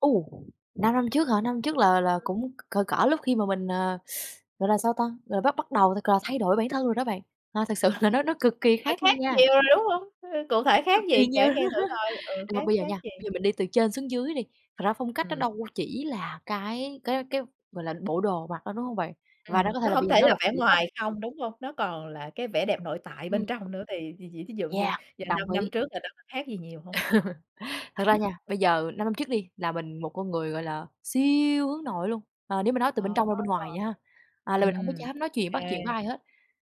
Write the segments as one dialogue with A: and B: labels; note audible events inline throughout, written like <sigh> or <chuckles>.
A: Ồ! 5 năm trước hả? 5 năm trước là là
B: Ừm.
A: cũng cỡ cỡ lúc khi mà mình, à, gọi là, sao ta, gọi là, bắt bắt đầu là c là thay đổi bản thân rồi đó bạn. À, thực sự là nó nó cực kỳ
B: Phải
A: khác
B: khác
A: luôn nha.
B: nhiều rồi, đúng hông? Cụ
A: <unintelligible>
B: thể
A: cực
B: khác
A: kỳ
B: gì,
A: nhiều!
B: kể nghe thử
A: <laughs>
B: coi, ừ,
A: À,
B: khác
A: bây giờ
B: khác
A: nha,
B: gì?
A: bây giờ mình đi từ trên xuống dưới đi, thật ra phong cách nó
B: Ừm.
A: đâu chỉ là cái cái cái, gọi là, bộ đồ mặc đâu, đúng hông bạn? Và nó
B: Ừm,
A: có thể
B: nó
A: là bây
B: hổng
A: giờ
B: thể
A: nó
B: là
A: là
B: vẻ
A: kiểu tóc.
B: ngoài không, đúng hông? Nó còn là cái vẻ đẹp nội tại bên
A: Ừm.
B: trong nữa thì thì vì thí dụ như
A: Yeah,
B: giờ
A: đồng
B: 5 năm
A: ý.
B: trước là đó có khác gì nhiều hông?
A: <laughs> Thật ra
B: <chuckles>
A: nha, bây giờ năm năm trước đi là mình, một con người gọi là siêu hướng nội luôn, ờ, nếu mà nói từ bên
B: Ờ.
A: trong ra bên ngoài nha, à, là mình hổng có
B: Ừm,
A: dám nói chuyện,
B: kê.
A: bắt chuyện với ai hết.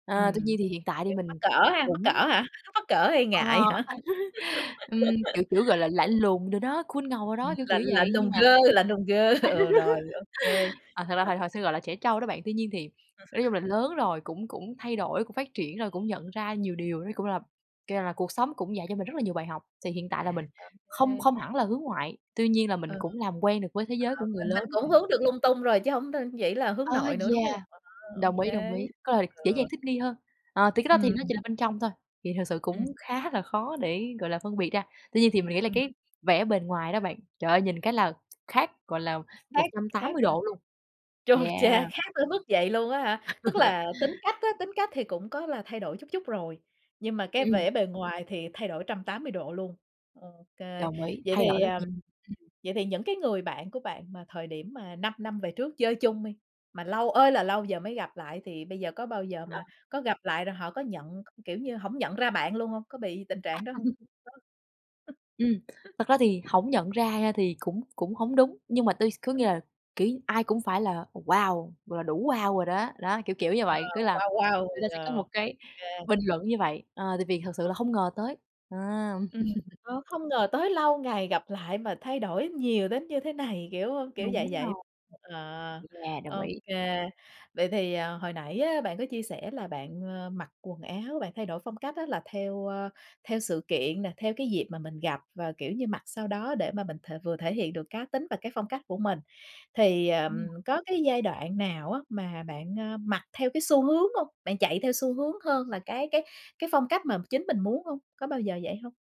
A: À, tuy
B: Ừm,
A: nhiên thì hiện tại thì
B: <unintelligible> mắc
A: mình
B: cỡ ha, mắc cỡ
A: cũng
B: hả? Mắc cỡ hay
A: Ờ.
B: ngại hả? <laughs>
A: <laughs> Ừm, kiểu, kiểu, gọi là, lạnh
B: Ừm.
A: lùng đồ đó, cool ngầu rồi
B: Ừm,
A: đó, kiểu
B: lạnh
A: kiểu vậy,
B: lạnh lùng
A: nhưng mà <laughs>
B: girl, lạnh lùng girl, ờ, rồi, ô kê.
A: à, thật ra hồi hồi xưa gọi là trẻ trâu đó bạn. Tuy nhiên thì nói chung là
B: <laughs>
A: lớn rồi cũng cũng thay đổi, cũng phát triển rồi cũng nhận ra nhiều điều, nó cũng là kiểu là, cuộc sống cũng dạy cho mình rất là nhiều bài học. Thì hiện tại là mình không
B: À <unintelligible>
A: không hẳn là hướng ngoại, tuy nhiên là mình
B: Ừ.
A: cũng làm quen được với thế giới
B: Ờ,
A: của người
B: mình mình
A: lớn
B: cũng
A: <unintelligible>
B: hướng được lung tung rồi chứ hổng đ chỉ là hướng
A: Á,
B: nội nữa, đúng
A: yeah,
B: hông? À, ô
A: đồng ý, đồng
B: kê.
A: ý, có là dễ dàng
B: Ừ.
A: thích nghi hơn. Ờ, thì cái đó thì
B: Ừm.
A: nó chỉ là bên trong thôi, thì thực sự cũng
B: Ừm.
A: khá là khó để, gọi là, phân biệt ra. Tuy nhiên thì mình nghĩ là
B: Ừm.
A: cái vẻ bền ngoài đó bạn, trời ơi, nhìn cái là khác, gọi là, một
B: Khác
A: trăm tám
B: khác
A: mươi
B: rồi.
A: độ luôn.
B: Chu
A: Yeah.
B: cha! Khác tới mức vậy luôn á hả?
A: <laughs> Đúng
B: Tức
A: rồi á.
B: là tính cách á, tính cách thì cũng có là thay đổi chút chút rồi, nhưng mà cái
A: Ừm.
B: vẻ bề ngoài thì thay đổi 180 độ luôn. Ô kê.
A: Đồng ý,
B: Vậy
A: thay đổi
B: thì,
A: rất
B: à,
A: nh
B: ừm, vậy thì những cái người bạn của bạn mà thời điểm mà 5 năm về trước chơi chung đi, mà lâu ơi là lâu giờ mới gặp lại thì bây giờ có bao giờ
A: Ờ.
B: mà có gặp lại rồi họ có nhận, k kiểu như, hổng nhận ra bạn luôn hông? Có bị tình trạng đó hông?
A: <laughs> Ừm,
B: <unintelligible>
A: thật ra thì hổng nhận ra nha thì cũng cũng hổng đúng, nhưng mà tôi s có nghĩa là, kiểu,
B: <unintelligible>
A: ai cũng phải là "Wow", gọi là, "Đủ wow" rồi đó. Đó, kiểu kiểu như
B: Wow,
A: vậy, kiểu như là,
B: wow, wow.
A: người ta sẽ có
B: Ờ,
A: một cái
B: kê.
A: bình luận như vậy, ờ, tại vì thật sự là không ngờ tới. À!
B: Ừm, ờ,
A: <laughs>
B: không ngờ tới lâu ngày gặp lại mà thay đổi nhiều đến như thế này, kiểu, ơ, kiểu
A: Đúng
B: vậy vậy.
A: rồi.
B: Ờ,
A: Yeah, đồng
B: ô
A: ý.
B: kê, vậy thì, à, hồi nãy á bạn có chia sẻ là bạn, ờ, mặc quần áo, bạn thay đổi phong cách á là theo, ơ, theo sự kiện nè, theo cái dịp mà mình gặp và, kiểu như, mặc sao đó để mà mình th vừa thể hiện được cá tính và cái phong cách của mình. Thì, ờm,
A: Ừm.
B: có cái giai đoạn nào á mà bạn, a, mặc theo cái xu hướng hông? Bạn chạy theo xu hướng hơn là cái cái cái phong cách mà chính mình muốn hông? Có bao giờ vậy hông?